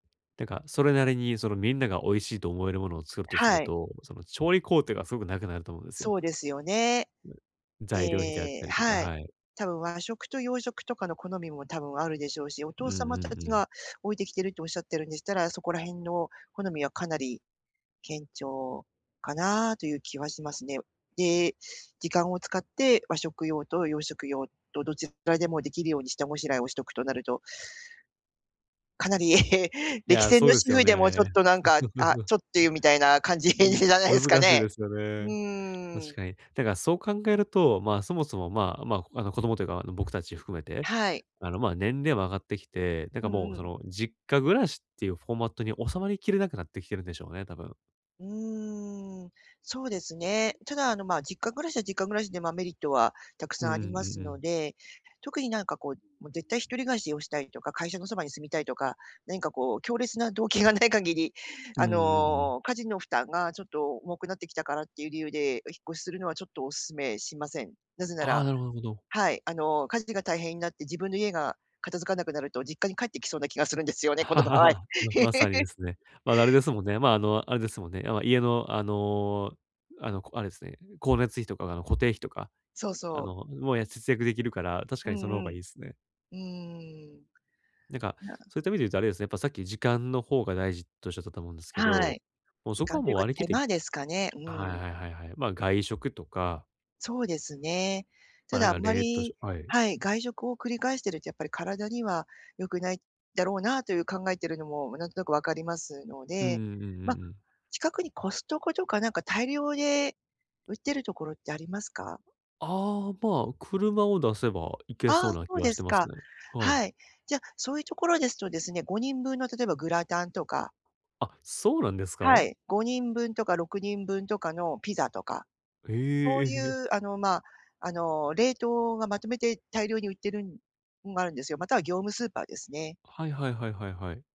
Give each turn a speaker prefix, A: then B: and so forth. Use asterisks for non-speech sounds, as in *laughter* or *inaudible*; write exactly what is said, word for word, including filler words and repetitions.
A: てか、それなりに、その、みんなが美味しいと思えるものを作るとす
B: は
A: る
B: い。
A: と、その、調理工程がすごく長くなると思うんですよ。
B: そうですよね。
A: 材料費であっ
B: で、
A: たりとか、
B: はい。
A: はい。
B: 多分、和食と洋食とかの好みも多分あるでしょうし、お父
A: うんう
B: 様た
A: んう
B: ち
A: ん。
B: が置いてきてるとおっしゃってるんでしたら、そこら辺の好みはかなり、堅調かな、という気はしますね。で、時間を使って、和食用と洋食用と、どちらでも出来るように下ごしらえをしとくとなるとかなり
A: い
B: 歴
A: や、
B: 戦
A: そう
B: の
A: です
B: 主
A: よ
B: 婦でもちょっ
A: ね。
B: となんか、あ、
A: *giggles*
B: ちょっとっていうみたいな感じじ
A: む
B: ゃないですか
A: 難しい
B: ね。
A: ですよ
B: う
A: ね。
B: ー
A: 確
B: ん。
A: かに。だから、そう考えると、ま、そもそも、まあまああの、子供というか、あの、僕たち含めて、
B: はい。
A: あの、まあ、年齢も上がってきて、なん
B: う
A: かも
B: ん
A: う、
B: う
A: そ
B: ん。
A: の、実家暮らしっていう、フォーマットに収まりきれなくなってきてるんでしょうね、多分。
B: うーん、そうですね、ただ、あの、ま、実家暮らしは実家暮らしでま、メリットはたく
A: うー
B: さん
A: ん、う
B: あります
A: んう
B: の
A: ん。
B: で、特に何かこう、もう絶対一人暮らしをしたいとか、会社のそばに住みたいとか、何かこう強烈な動機がない限り、
A: うん
B: あ
A: うんうん。
B: の、家事の負担がちょっと重くなってきたからっていう理由で、引っ越しするのはちょっとお勧めしません。なぜな
A: ああ、
B: ら
A: なるほなるほど。
B: はい、あの家事が大変になって、自分の家が片付かなくなると実家に帰ってきそうな気がするんですよね、この場合。
A: *chuckles* まさにですね。ま、あれ
B: *laughs*
A: ですもんね、まあ、あの、あれですもんね。あ家の、あのあの、あれですね、光熱費とか、あの、固定費とか、
B: そう
A: あ
B: そう。
A: の、*unintelligible* 節約できるから、確
B: う
A: かにその方
B: んう
A: がいい
B: ん。
A: ですね。
B: うーん。
A: なんか、
B: な
A: そういった意味で言うとあれですね、やっぱさっき、時間の方が大事と仰ったと思うんですけ
B: は
A: ど、
B: い。
A: もう
B: 時
A: そこ
B: 間
A: は
B: とい
A: もう
B: うか
A: 割り
B: 手
A: 切って
B: 間ですかね、う
A: はい
B: ん。
A: はいはいはい。まあ、外食とか。
B: そうですね。
A: ま
B: た
A: あ、なん
B: だ、あん
A: か
B: ま
A: 冷凍し
B: り
A: ょはい。
B: はい、外食を繰り返してるとやっぱり体には良くないだろうなという考えてるのも、なんとなく分かりますの
A: うんう
B: で、
A: んうんうんう
B: まあ、
A: ん。
B: 近くにコストコとかなんか大量で売ってるところってありますか？
A: ああ、まあ、車を出せば、いけ
B: あ
A: そ
B: あ、
A: うな
B: そ
A: 気
B: う
A: が
B: で
A: して
B: す
A: ます
B: か。
A: ね。はい。
B: はい。じゃ、そういうところですとですね、ごにんぶんの例えばグラタンとか
A: あ、そうなんです
B: は
A: か？
B: い、ごにんぶんとかろくにんぶんとかのピザとか、
A: へ
B: そうい
A: え。
B: うあの、まあ、あの、冷凍がまとめて大量に売ってるのがあるんですよ、または業務スーパーですね。
A: はいはいはいはいはい。